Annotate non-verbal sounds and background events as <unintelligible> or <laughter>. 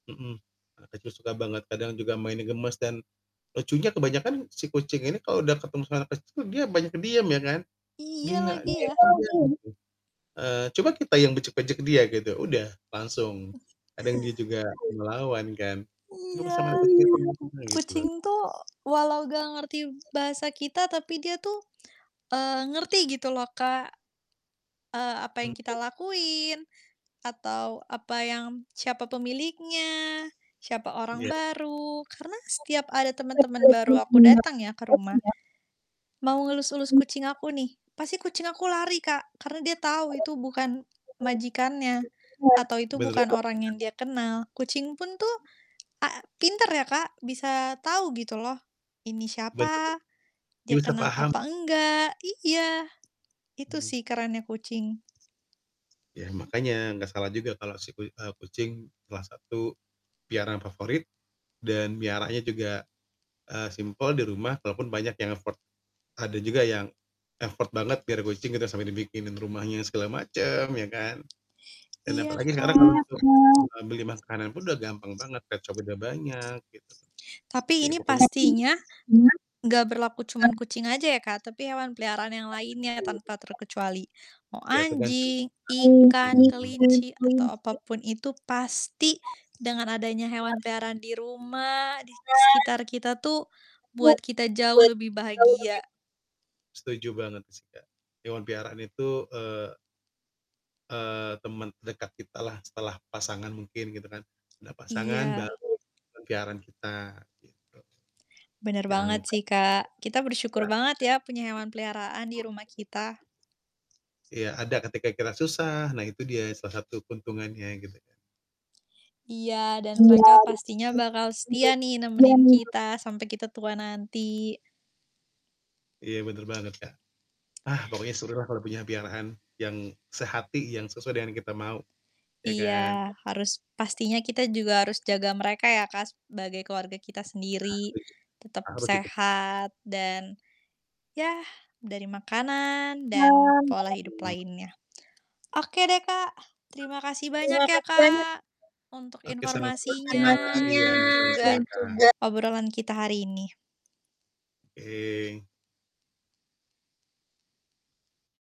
Mhm. Anak kecil suka banget kadang juga mainnya gemes, dan lucunya kebanyakan si kucing ini kalau udah ketemu sama anak kecil dia banyak diam ya, kan. Iya Dia lagi, diam ya. aja gitu. Eee, coba kita yang bejek-bejek dia gitu udah, langsung. Kadang dia juga melawan kan. "Lu sama anak Iya. kecil segitunya," Mhm, gitu loh. kucing tuh walau enggak ngerti bahasa kita tapi dia tuh, eee, ngerti gitu loh, Kak. Eee, apa M yang kita betul. lakuin, atau apa yang siapa pemiliknya, siapa orang Iya. baru. Karena setiap ada temen-temen baru aku datang ya, ke rumah. Mau ngelus-elus kucing aku nih, pasti kucing aku lari Kak, karena dia tahu itu bukan majikannya, atau itu Bener banget bukan sih, Kak. orang yang dia kenal. Kucing pun tuh a pintar ya, Kak, bisa tahu gitu loh, ini Bener siapa, bener. Dia dia bisa kenal paham. apa enggak, iya, itu Mmm. sih kerennya kucing. Ya, makanya enggak salah juga kalau si ku eee, kucing salah satu piaraan favorit, dan meliharanya juga, eee, simpel di rumah walaupun banyak yang effort ada juga yang effort banget biar kucing gitu sampai dibikinin rumahnya segala macam ya, kan. Dan Iya, apalagi sekarang kalau Kak. untuk, eee, beli masa kanan pun udah gampang banget pets shop udah banyak gitu. Tapi Ya ini pokoknya pastinya enggak berlaku cuman kucing aja ya, Kak, tapi hewan peliharaan yang lainnya Betul betul, tanpa Kak. terkecuali. Mau Ya tergantung itu anjing, Kak, ikan, kelinci, atau apa mhm. pun itu pasti dengan adanya hewan peliharaan di rumah, di sekitar kita tuh, buat kita jauh lebih bahagia. Setuju banget sih, Kak. Hewan peliharaan itu, eee eee, teman dekat kitalah setelah pasangan mungkin gitu kan. Ada pasangan Iya. baru, hewan peliharaan kita gitu. Bener banget Yang sih, Kak. Kita Ya. bersyukur banget ya, punya hewan peliharaan di rumah kita. <unintelligible> Iya, ada ketika kita susah, nah itu dia salah satu keuntungannya gitu kan. Iya dan mereka pastinya bakal setia nih nemenin kita, sampai kita tua nanti. Iya bener banget Kak. Ah, pokoknya serulah kalau punya piaraan yang sehati, yang sesuai dengan kita mau. Ya kan? Iya, harus pastinya kita juga harus jaga mereka ya, Kak, sebagai keluarga kita Iya, sendiri. setuju. Tetap Harus sih, tetep. sehat dan, yah, dari makanan dan Hmm. pola hidup lainnya. Oke deh Kak, terima kasih banyak ya Kak, untuk Oke sama-sama, informasinya Kak. Iya, dan juga sama-sama, Kak. obrolan kita hari ini. Oke.